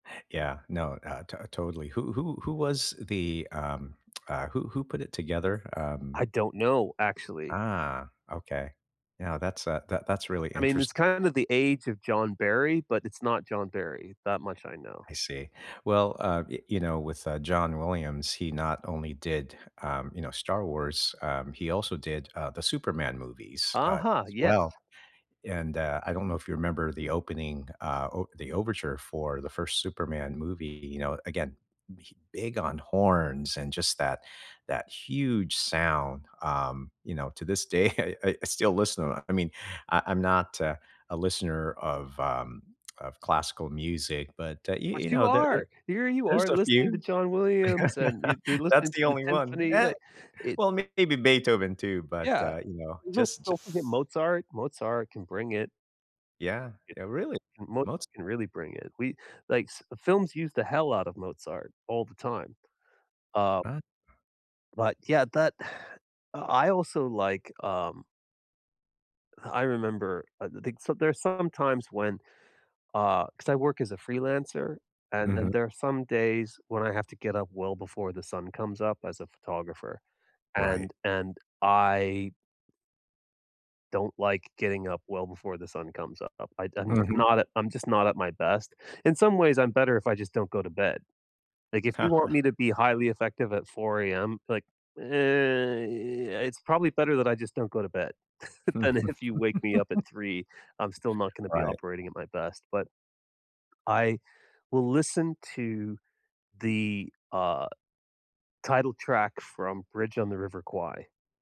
Yeah, no, uh, to totally. Who who who was the, um uh, who who put it together? Um I don't know, actually. Ah, okay, yeah, that's uh, that that's really I mean, it's interesting. kinda the age of John Berry, but it's not John Berry, that much I know. I see, well, uh, yo you know, with, uh, John Williams, he not only did, um, you know, Star Wars, um, he also did, uh, the Superman movies, uh, Uh-huh, as yes. well, and, uh, I don't know if you remember the opening, uh, o the overture for the first Superman movie, you know, again, he big on horns and just that that huge sound, um, you know, to this day I I I still listen to them. I mean, I I'm not uh, a listener of, um, of classical music, but, uh, you But you you know, there there are! Here you there's are a listening to few. John Williams, and you you're That's listening to the the only one. symphony, Eh, like it's well, maybe Beethoven too, but, Yeah, uh, you know, [unintelligible] so, just ju don't forget Mozart. Mozart can bring it. Yeah, I yeah, really, Mozart Moz can really bring it. We like films use the hell out of Mozart all the time, uh Uh But yeah, that I also like um Uh, I remember, I th think so there's some times when, uh, 'cause I work as a freelancer, and Mhm. and there are some days when I have to get up well before the sun comes up as a photographer, Right. and and I Don't like getting up well before the sun comes up. I do I'm Mhm. not I'm just not at my best. In some ways, I'm better if I just don't go to bed, like if you want me to be highly effective at 4 am, like, uh, it's probably better that I just don't go to bed, than if you wake me up at 3, I'm still not gonna be Right. operating at my best, but I will listen to the, uh, title track from Bridge on the River Kwai.